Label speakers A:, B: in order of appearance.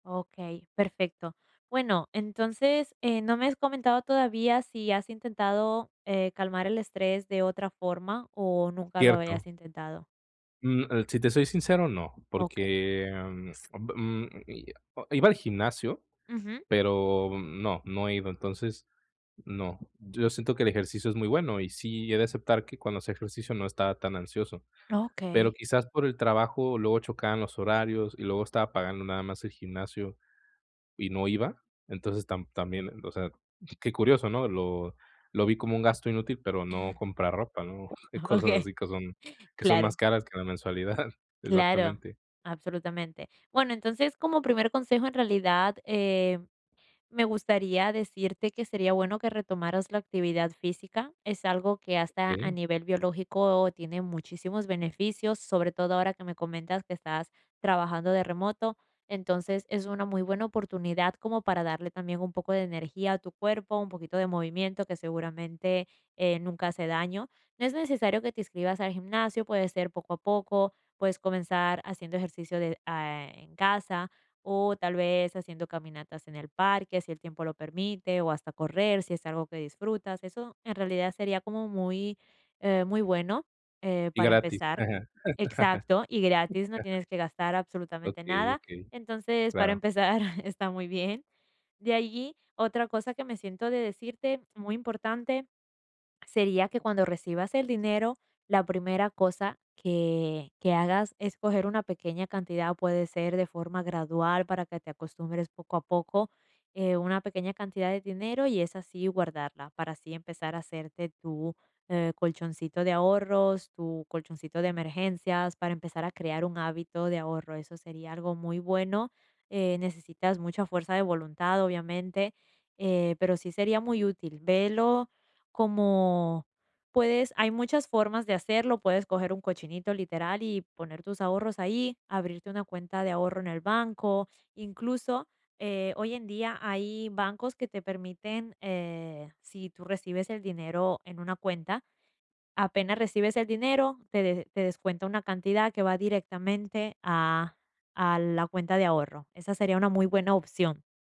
A: Okey, perfecto. Bueno, entonces, eh, no me has comentado todavía, ¿si has intentado, eh, calmar el estrés de otra forma o nunca lo habías
B: Cierto.
A: intentado?
B: Mm, eh, si te soy sincero no,
A: Okey.
B: porque, em, [unintelligible] i o i iba al gimnasio,
A: Ujú.
B: pero no, no he ido. Entonces, no. Yo ya siento que el ejercicio es muy bueno y sí, he de aceptar que cuando hacía ejercicio no estaba tan ansioso, pero
A: Okey.
B: quizás por el trabajo luego chocaban los horarios y luego estaba pagando nada más el gimnasio y no iba. Entonces, tam también, o sea, qué curioso, ¿no? Lo lo vi como un gasto inútil pero no comprar ropa, ¿no? Cosas
A: Okey,
B: así que son que son
A: claro.
B: más caras que la mensualidad.
A: Claro,
B: Exactamente.
A: absolutamente. Bueno, entonces, como primer consejo, en realidad, eh, me gustaría decirte que sería bueno que retomaras la actividad física, es algo que hasta a
B: Okey.
A: nivel biológico tiene muchísimos beneficios, sobre todo ahora que me comentas que estás trabajando de remoto, entonces es una muy buena oportunidad como para darle también un poco de energía a tu cuerpo, un poquito de movimiento que seguramente, eh, nunca hace daño. No es necesario que te inscribas al gimnasio, puede ser poco a poco, puedes comenzar haciendo ejercicio de a en casa o tal vez haciendo caminatas en el parque, si el tiempo lo permite, o hasta correr, si es algo que disfrutas. Eso en realidad sería como muy, eh, muy bueno, eh,
B: Y
A: para
B: gratis.
A: empezar.
B: Ajá.
A: Exacto, y gratis, no tienes que gastar absolutamente
B: Okey,
A: nada.
B: okey,
A: Entonces, para
B: claro.
A: empezar está muy bien. De allí, otra cosa que me siento de decirte muy importante sería que cuando recibas el dinero, la primera cosa que que hagas es coger una pequeña cantidad, puede ser de forma gradual, para que te acostumbres poco a poco, eh, una pequeña cantidad de dinero, y esa sí guardarla, para así empezar a hacerte tu, eh, colchoncito de ahorros, tu colchoncito de emergencias, para empezar a crear un hábito de ahorro, eso sería algo muy bueno. Eh, necesitas mucha fuerza de voluntad, obviamente, eh, pero sí sería muy útil. Velo como puedes hay muchas formas de hacerlo, puedes coger un cochinito, literal, y poner tus ahorros ahí, abrirte una cuenta de ahorro en el banco. Incluso, eh, hoy en día hay bancos que te permiten, eh, si tú recibes el dinero en una cuenta, apenas recibes el dinero, te de te descuenta una cantidad que va directamente a a la cuenta de ahorro. Esa sería una muy buena opción.